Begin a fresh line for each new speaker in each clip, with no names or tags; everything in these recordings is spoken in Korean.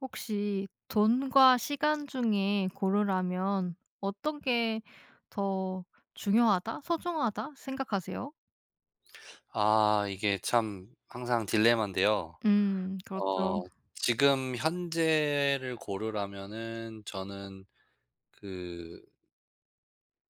혹시 돈과 시간 중에 고르라면 '어떤 게 더 중요하다. 소중하다.' 생각하세요?
아 이게 참 항상 딜레마인데요.
음 그렇죠.
어 지금 현재를 고르라면은 저는 그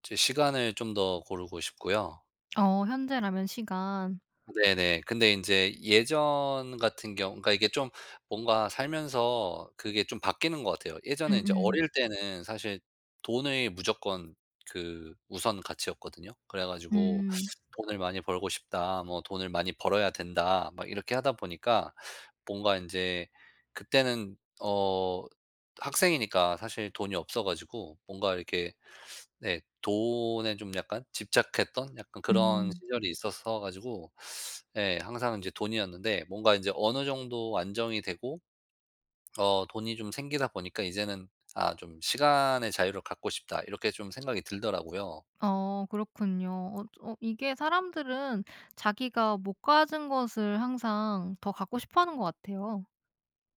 제 시간을 좀 더 고르고 싶고요.
어 현재라면 시간.
네네. 근데 인제 예전 같은 경우 그러니까 이게 좀 뭔가 살면서 그게 좀 바뀌는 것 같아요. 예전에 인제
음음.
어릴 때는 사실 돈이 무조건 그 우선 가치였거든요. 그래 가지고
음.
'돈을 많이 벌고 싶다. 뭐 돈을 많이 벌어야 된다.' 막 이렇게 하다 보니까 뭔가 인제 그때는 어 학생이니까 사실 돈이 없어 가지고 뭔가 이렇게 네 돈에 좀 약간 집착했던 약간 그런
음.
시절이 있었어 가지고 예 항상 이제 돈이었는데 뭔가 인제 어느 정도 안정이 되고 어 돈이 좀 생기다 보니까 이제는 '아 좀 시간의 자유를 갖고 싶다.' 이렇게 좀 생각이 들더라고요.
어 그렇군요. 어 좀 어 이게 사람들은 자기가 못 가진 것을 항상 더 갖고 싶어 하는 것 같아요.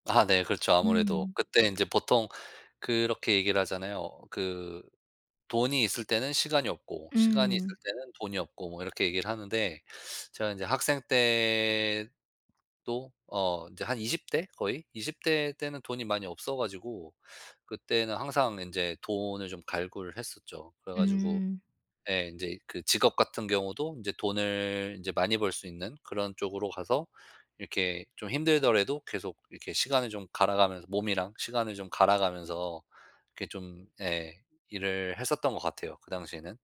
아 네 그렇죠, 아무래도.
음.
그때 이제 보통 그렇게 얘기를 하잖아요. 그 돈이 있을 때는 시간이 없고 시간이 있을
음.
때는 돈이 없고 뭐 이렇게 얘기를 하는데 제가 이제 학생 때도 어 이제 한 20 대 거의 20 대 때는 돈이 많이 없어 가지고 그때는 항상 인제 돈을 좀 갈구를 했었죠. 그래 가지고
음.
예 인제 그 직업 같은 경우도 인제 돈을 이제 많이 벌 수 있는 그런 쪽으로 가서 이렇게 좀 힘들더라도 계속 이렇게 시간을 좀 갈아가면서 몸이랑 시간을 좀 갈아가면서 이렇게 좀 예 일을 했었던 것 같아요, 그 당시에는.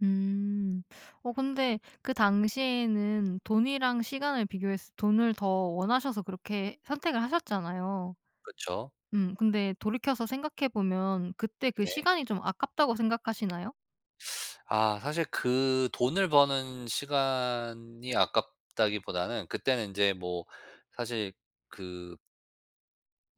음. 어 근데 그 당시에는 돈이랑 시간을 비교했을 때 돈을 더 원하셔서 그렇게 선택을 하셨잖아요.
그쵸.
음 근데 돌이켜서 생각해 보면 그때 그
네.
시간이 좀 아깝다고 생각하시나요?
아 사실 그 돈을 버는 시간이 아깝다기보다는 그때는 이제 뭐 사실 그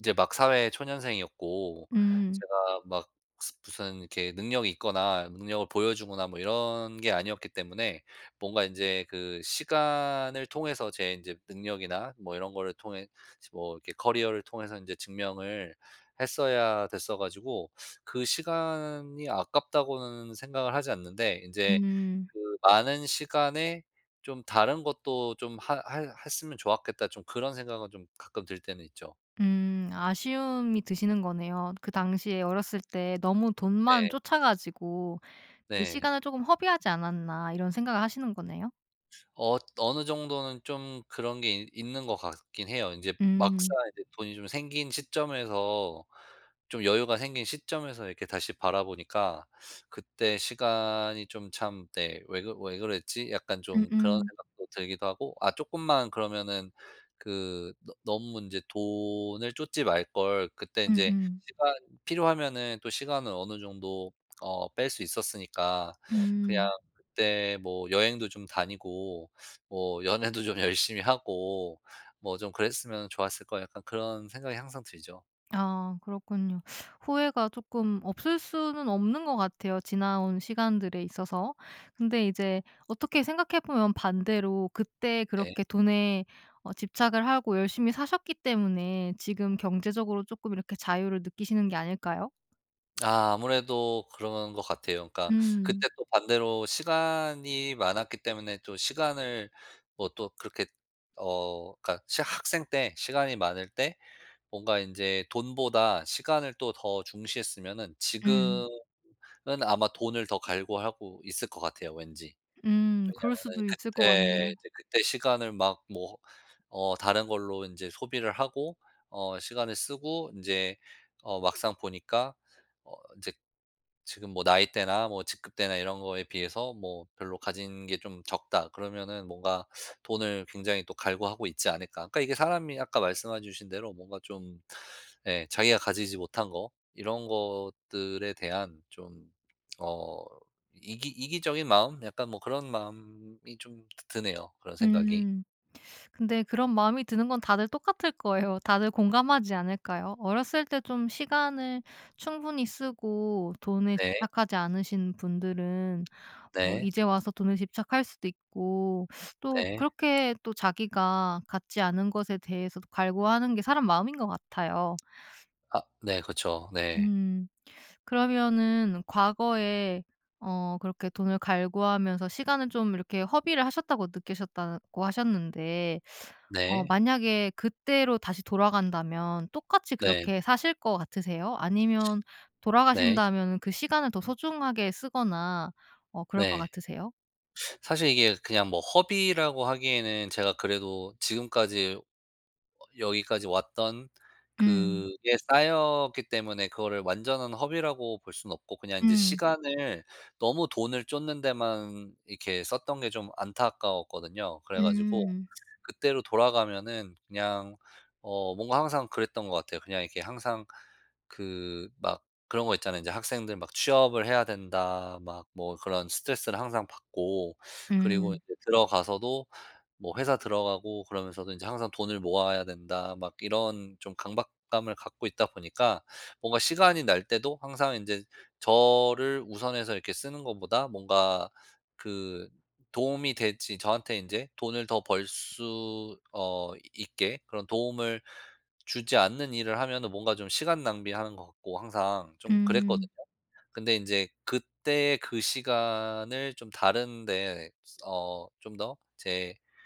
이제 막 사회 초년생이었고
음.
제가 막 스 무슨 이렇게 능력이 있거나 능력을 보여 주거나 뭐 이런 게 아니었기 때문에 뭔가 인제 그 시간을 통해서 제 인제 능력이나 뭐 이런 거를 통해 스 뭐 이렇게 커리어를 통해서 이제 증명을 했어야 됐어 가지고 '그 시간이 아깝다.'고는 생각을 하지 않는데 이제
음.
'그 많은 시간에 좀 다른 것도 좀 하 해 했으면 좋았겠다.' 좀 그런 생각은 좀 가끔 들 때는 있죠.
음. 아쉬움이 드시는 거네요. 그 당시에 어렸을 때 너무 돈만
네.
좇아 가지고 '그
네.
시간을 조금 허비하지 않았나.' 이런 생각을 하시는 거네요.
엇 어느 정도는 좀 그런 게 있 있는 것 같긴 해요. 인제 막상
음.
인제 돈이 좀 생긴 시점에서 좀 여유가 생긴 시점에서 이렇게 다시 바라보니까 그때 시간이 좀 참 네 '왜 그 왜 그랬지?' 약간 좀 그런
음음.
생각도 들기도 하고 아 쪼끔만 그러면은 그 '너 너무 인제 돈을 좇지 말걸.' 그때 인제
음음.
시간 필요하면은 또 시간을 어느 정도 어 뺄 수 있었으니까 그냥
음.
'그때 뭐 여행도 좀 다니고 뭐 연애도 좀 열심히 하고 뭐 좀 그랬으면 좋았을 걸.' 약간 그런 생각이 항상 들죠.
아. 그렇군요. 후회가 쪼끔 없을 수는 없는 것 같아요. 지나온 시간들에 있어서. 근데 이제 어떻게 생각해 보면 반대로 그때
네.
그렇게 돈에 어 집착을 하고 열심히 사셨기 때문에 지금 경제적으로 조금 이렇게 자유를 느끼시는 게 아닐까요?
아 아무래도 그런 거 같아요. 그러니까
음.
그때 또 반대로 시간이 많았기 때문에 또 시간을 뭐 또 그렇게 어 그니까 진짜 학생 때 시간이 많을 때 뭔가 인제 돈보다 시간을 또 더 중시했으면은
음.
지금은 아마 돈을 더 갈구하고 있을 것 같아요, 왠지.
음 그럴
왜냐하면은
수도 있을 것
그때
같네요.
이제 그때 시간을 막 뭐 어 다른 걸로 인제 소비를 하고 어 시간을 쓰고 인제 어 막상 보니까 어 인제 지금 뭐 나이대나 뭐 직급대나 이런 거에 비해서 뭐 '별로 가진 게 좀 적다.' 그러면은 뭔가 '돈을 굉장히 또 갈구하고 있지 않을까.' 그러니까 이게 사람이 아까 말씀해 주신 대로 뭔가 좀 예 자기가 가지지 못한 거 이런 것들에 대한 좀 어 이기 이기적인 마음? 약간 뭐 그런 마음이 좀 드 드네요, 그런 생각이.
음 근데 그런 마음이 드는 건 다들 똑같을 거예요. 다들 공감하지 않을까요? 어렸을 때 좀 시간을 충분히 쓰고 돈에
네.
집착하지 않으신 분들은 뭐
네.
이제 와서 돈에 집착할 수도 있고 또
네.
그렇게 또 자기가 갖지 않은 것에 대해서도 갈구하는 게 사람 마음인 것 같아요.
아 네 그렇죠. 네.
음 그러면은 과거에 어 그렇게 돈을 갈구하면서 시간을 좀 이렇게 허비를 하셨다고 느끼셨다고 하셨는데 어
네.
만약에 그때로 다시 돌아간다면 똑같이
네.
그렇게 사실 것 같으세요? 아니면
네.
돌아가신다면은 그 시간을 더 소중하게 쓰거나 어 그럴 것
네.
같으세요?
사실 이게 그냥 뭐 허비라고 하기에는 제가 그래도 지금까지 어 여기까지 왔던
음.
그게 쌓였기 때문에 그거를 완전한 허비라고 볼 순 없고 그냥 이제
음.
시간을 너무 돈을 쫓는 데만 이렇게 썼던 게 좀 안타까웠거든요. 그래 가지고
음.
그때로 돌아가면은 그냥 어 뭔가 항상 그랬던 거 같아요. 그냥 이렇게 항상 그 막 그런 거 있잖아요. 이제 학생들 막 '취업을 해야 된다.' 막 뭐 그런 스트레스를 항상 받고. 그리고
음.
이제 들어가서도 뭐 회사 들어가고 그러면서도 이제 항상 '돈을 모아야 된다.' 막 이런 좀 강박감을 갖고 있다 보니까 뭔가 시간이 날 때도 항상 인제 저를 우선해서 이렇게 쓰는 것보다 뭔가 그 도움이 될지 저한테 인제 돈을 더 벌 수 어 있게 그런 도움을 주지 않는 일을 하면은 뭔가 좀 시간 낭비하는 거 같고 항상 좀
음.
그랬거든요. 근데 인제 그때 그 시간을 좀 다른 데 어 좀 더 제가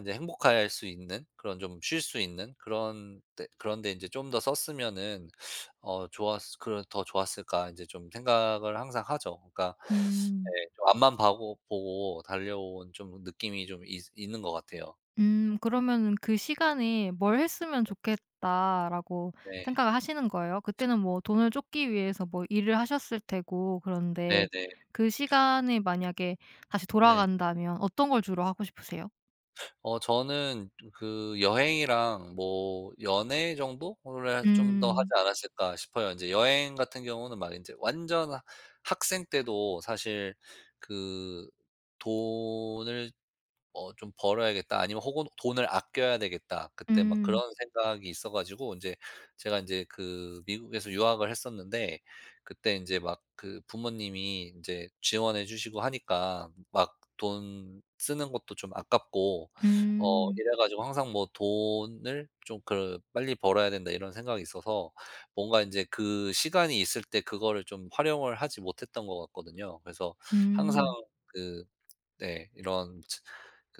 이제 '행복할 수 있는 그런 좀 쉴 수 있는 그런 데, 그런 데 이제 좀 더 썼으면은 어 좋았을 그런 더 좋았을까?' 이제 좀 생각을 항상 하죠. 그니까
음.
에 좀 앞만 봐 보고 달려온 좀 느낌이 좀 있으 있는 거 같아요.
음. 그러면은 '그 시간에 뭘 했으면 좋겠다.' 라고
네.
생각을 하시는 거예요? 그때는 뭐 돈을 쫓기 위해서 뭐 일을 하셨을 테고 그런데
네네.
그 시간에 만약에 다시
네.
돌아간다면 어떤 걸 주로 하고 싶으세요?
어 저는 좀 그 여행이랑 뭐 연애 정도를 좀 더 하지
음.
않았을까 싶어요. 인제 여행 같은 경우는 막 인제 완전 학생 때도 사실 그 '돈을 어 좀 벌어야겠다.' 아니면 혹은 '돈을 아껴야 되겠다.' 그때 막
음.
그런 생각이 있어 가지고 인제 제가 인제 그 미국에서 유학을 했었는데 그때 인제 막 그 부모님이 인제 지원해 주시고 하니까 막 돈 쓰는 것도 좀 아깝고 어
음.
이래 가지고 항상 뭐 돈을 좀 그 '빨리 벌어야 된다.' 이런 생각이 있어서 뭔가 인제 그 시간이 있을 때 그거를 좀 활용을 하지 못했던 것 같거든요. 그래서 항상
음.
그 네 이런 츠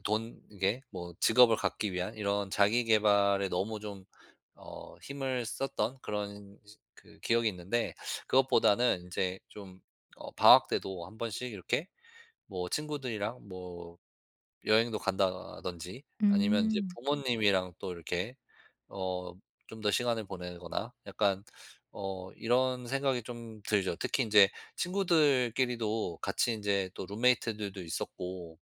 돈 이게 뭐 직업을 갖기 위한 이런 자기 계발에 너무 좀 어 힘을 썼던 그런 즈 그 기억이 있는데 그것보다는 인제 좀 어 방학 때도 한 번씩 이렇게 뭐 친구들이랑 뭐 여행도 간다든지 아니면 이제
음.
부모님이랑 또 이렇게 어 좀 더 시간을 보내거나 약간 어 이런 생각이 좀 들죠. 특히 인제 친구들끼리도 같이 인제 또 룸메이트들도 있었고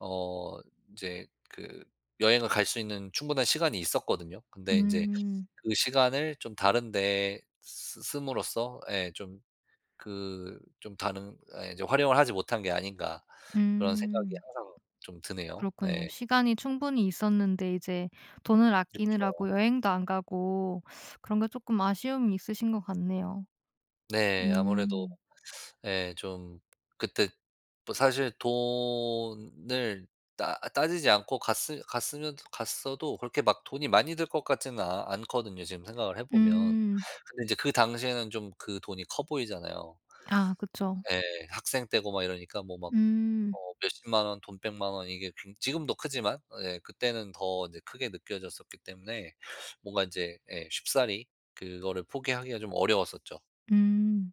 어 인제 그 여행을 갈 수 있는 충분한 시간이 있었거든요. 근데 인제
음.
그 시간을 좀 다른 데 쓰 씀으로써 예 좀 그 좀 다른 아 이제 '활용을 하지 못한 게 아닌가.' 그런 생각이
음.
항상 좀 드네요.
그렇군요.
네.
시간이 충분히 있었는데 이제 돈을
그쵸.
아끼느라고 여행도 안 가고 그런 게 쪼끔 아쉬움이 있으신 거 같네요.
네. 아무래도
음.
예 좀 그때 뭐 사실 돈을 따 따지지 않고 갔으 갔으면 갔어도 그렇게 막 돈이 많이 들 것 같지는 아 않거든요 지금 생각을 해 보면.
음.
근데 인제 그 당시에는 좀 그 돈이 커 보이잖아요.
아 그쵸.
예. 학생 때고 막 이러니까 뭐 막
음.
어 몇 100,000 원 돈 1,000,000 원 이게 굉 지금도 크지만 예 그때는 더 인제 크게 느껴졌었기 때문에 뭔가 인제 예 쉽사리 그거를 포기하기가 좀 어려웠었죠.
음.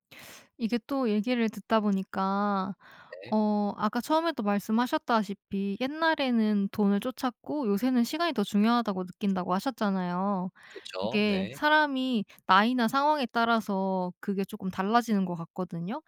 이게 또 얘기를 듣다 보니까
네.
어 아까 처음에도 말씀하셨다시피 옛날에는 돈을 좇았고 요새는 '시간이 더 중요하다.'고 느낀다고 하셨잖아요.
그쵸.
이게
네.
사람이 나이나 상황에 따라서 그게 쪼끔 달라지는 것 같거든요.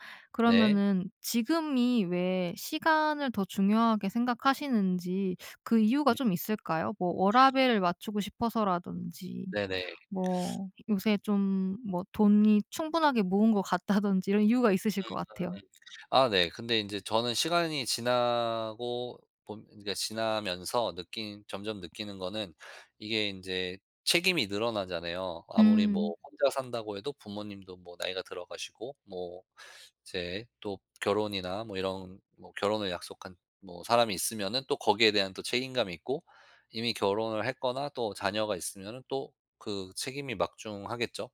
네.
그러면은 지금이 왜 시간을 더 중요하게 생각하시는지 그 이유가
음.
좀 있을까요? 뭐 워라밸을 맞추고 싶어서라든지
네네.
뭐 요새 좀 뭐 돈이 충분하게 모은 것 같다든지 이런 이유가 있으실
그러니까
것 같아요.
아 네. 근데 인제 저는 시간이 지나고 봄 인제 그니까 지나면서 느낀 점점 느끼는 거는 이게 인제 책임이 늘어나잖아요. 아무리
음.
뭐 혼자 산다고 해도 부모님도 뭐 나이가 들어 가시고 뭐 이제 또 결혼이나 뭐 이런 뭐 결혼을 약속한 뭐 사람이 있으면은 또 거기에 대한 또 책임감이 있고 이미 결혼을 했거나 또 자녀가 있으면은 또 그 책임이 막중하겠죠.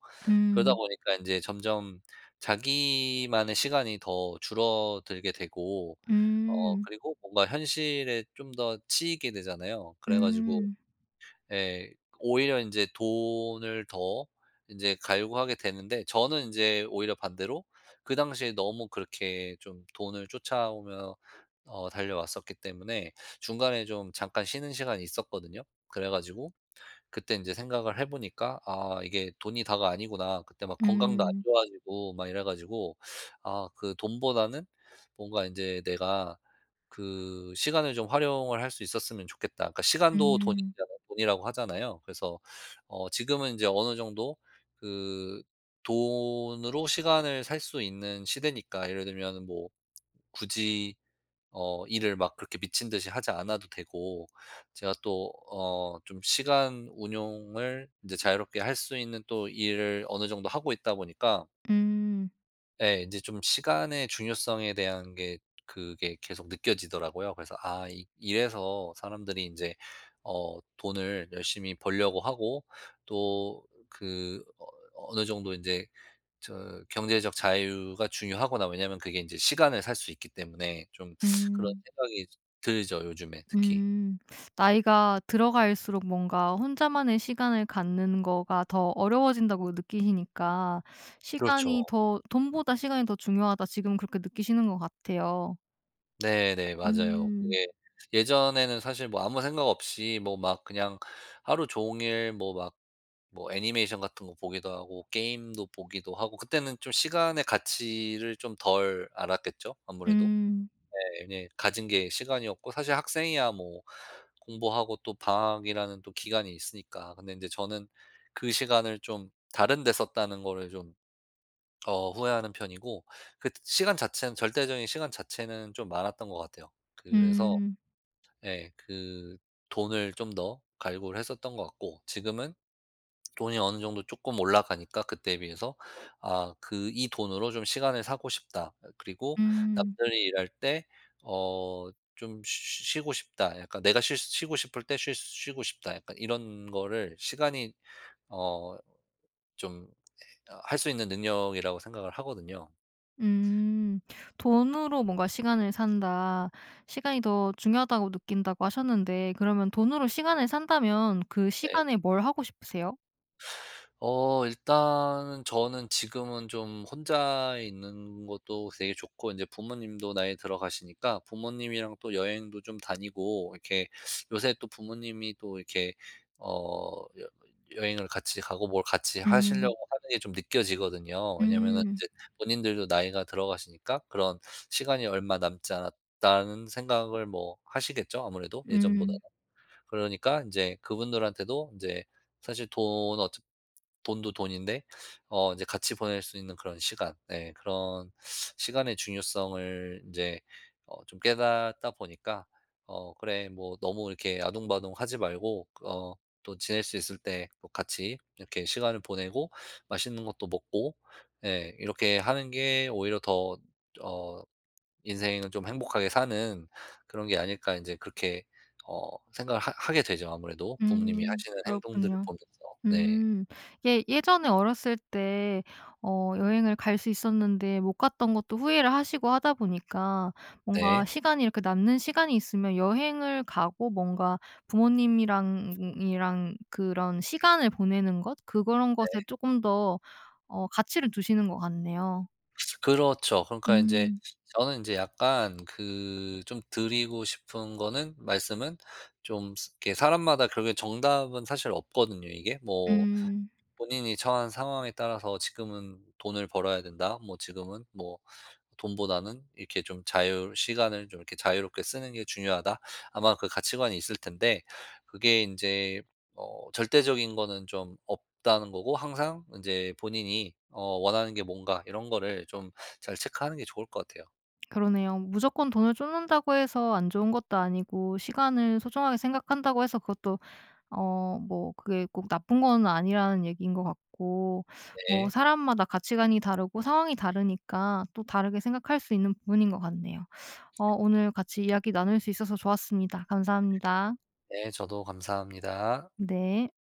그러다
음.
보니까 인제 점점 자기만의 시간이 더 줄어들게 되고 어
음.
그리고 뭔가 현실에 좀 더 치이게 되잖아요. 그래 가지고
음.
예 오히려 인제 돈을 더 인제 갈구하게 되는데 저는 인제 오히려 반대로 그 당시에 너무 그렇게 좀 돈을 쫓아오며 어 달려왔었기 때문에 중간에 좀 잠깐 쉬는 시간이 있었거든요. 그래 가지고 그때 인제 생각을 해 보니까 '아 이게 돈이 다가 아니구나.' 그때 막 건강도 안
음.
좋아지고 막 이래 가지고 아 그 돈보다는 뭔가 인제 '내가 그 시간을 좀 활용을 할 수 있었으면 좋겠다.' 그러니까 시간도
음.
돈이잖아요 돈이라고 하잖아요? 그래서 어 지금은 인제 어느 정도 그 돈으로 시간을 살 수 있는 시대니까 예를 들면은 뭐 굳이 어 일을 막 그렇게 미친 듯이 하지 않아도 되고 제가 또 어 좀 시간 운용을 인제 자유롭게 할 수 있는 또 일을 어느 정도 하고 있다 보니까
음.
예. 인제 좀 시간의 중요성에 대한 게 그게 계속 느껴지더라고요. 그래서 '아 이 이래서 사람들이 인제 어 돈을 열심히 벌려고 하고 또 그 어 어느 정도 인제 저 경제적 자유가 중요하구나.' 왜냐하면 그게 인제 시간을 살 수 있기 때문에 좀 그런
음.
생각이 좀 들죠 요즘에 특히.
음. 나이가 들어갈수록 뭔가 혼자만의 시간을 갖는 거가 더 어려워진다고 느끼시니까 '시간이
그렇죠.
더 돈보다 시간이 더 중요하다.' 지금 그렇게 느끼시는 거 같아요.
네네 맞아요.
음.
그게 예전에는 사실 뭐 아무 생각 없이 뭐 막 그냥 하루 종일 뭐 막 뭐 애니메이션 같은 거 보기도 하고 게임도 보기도 하고 그때는 좀 시간의 가치를 좀 덜 알았겠죠? 아무래도?
음.
네네 가진 게 시간이었고 사실 학생이야 뭐 공부하고 또 방학이라는 또 기간이 있으니까 근데 인제 저는 그 시간을 좀 다른 데 썼다는 거를 좀 어 후회하는 편이고 그때 시간 자체는 절대적인 시간 자체는 좀 많았던 거 같아요. 그래서
음.
예 그 돈을 좀 더 갈구를 했었던 것 같고 지금은 돈이 어느 정도 쪼끔 올라가니까 그때에 비해서 아 그 '이 돈으로 좀 시간을 사고 싶다.' 어 그리고
음.
'남들이 일할 때 어 좀 쉬 쉬 쉬고 싶다. 약간 내가 쉴 쉬고 싶을 때 쉴 쉬고 싶다.' 약간 이런 거를 시간이 어 좀 에 어 할 수 있는 능력이라고 생각을 하거든요.
음. '돈으로 뭔가 시간을 산다. 시간이 더 중요하다고 느낀다.'고 하셨는데 그러면 돈으로 시간을 산다면 그
네.
시간에 뭘 하고 싶으세요?
어 일단은 저는 지금은 좀 혼자 있는 것도 되게 좋고 인제 부모님도 나이 들어가시니까 부모님이랑 또 여행도 좀 다니고 이렇게 요새 또 부모님이 또 이렇게 어 여 여행을 같이 가고 뭘 같이 하시려고
음.
하는 게 좀 느껴지거든요. 왜냐하면은
음.
인제 본인들도 나이가 들어가시니까 그런 '시간이 얼마 남지 않았다.'는 생각을 뭐 하시겠죠? 아무래도 예전보다는.
음.
그러니깐 인제 그분들한테도 인제 사실 돈 어차 돈도 돈인데 어 인제 같이 보낼 수 있는 그런 시간 예 그런 시간의 중요성을 인제 어 좀 깨닫다 보니까 어 '그래 뭐 너무 이렇게 아등바등하지 말고 그 어 또 지낼 수 있을 때 뭐 같이 이렇게 시간을 보내고 맛있는 것도 먹고 예 이렇게 하는 게 오히려 더 어 인생을 좀 행복하게 사는 그런 게 아닐까?' 이제 그렇게 어 생각을 하 하게 되죠 아무래도 부모님이
음.
하시는 행동들을
그렇군요.
보면서. 네.
음. 예 예전에 어렸을 때 어 여행을 갈 수 있었는데 못 갔던 것도 후회를 하시고 하다 보니까 뭔가
네.
시간이 이렇게 남는 시간이 있으면 여행을 가고 뭔가 부모님이랑 이랑 그런 시간을 보내는 것 그런 것에
네.
쪼끔 더 어 가치를 두시는 것 같네요.
그렇죠. 그러니까 인제
음.
저는 인제 약간 그 좀 드리고 싶은 거는 말씀은 좀 스 이렇게 사람마다 결국은 정답은 사실 없거든요 이게. 뭐
음.
본인이 처한 상황에 따라서 '지금은 돈을 벌어야 된다.' 뭐 '지금은 뭐 돈보다는 이렇게 좀 자유 시간을 좀 이렇게 자유롭게 쓰는 게 중요하다.' 아마 그 가치관이 있을 텐데 그게 인제 어 절대적인 거는 좀 없다는 거고 항상 인제 본인이 어 원하는 게 뭔가 이런 거를 좀 잘 체크하는 게 좋을 것 같아요.
그러네요. 무조건 돈을 쫓는다고 해서 안 좋은 것도 아니고 시간을 소중하게 생각한다고 해서 그것도 어 뭐 그게 꼭 나쁜 건 아니라는 얘기인 것 같고 뭐
네.
사람마다 가치관이 다르고 상황이 다르니까 또 다르게 생각할 수 있는 부분인 것 같네요. 어 오늘 같이 이야기 나눌 수 있어서 좋았습니다. 감사합니다.
네. 저도 감사합니다.
네.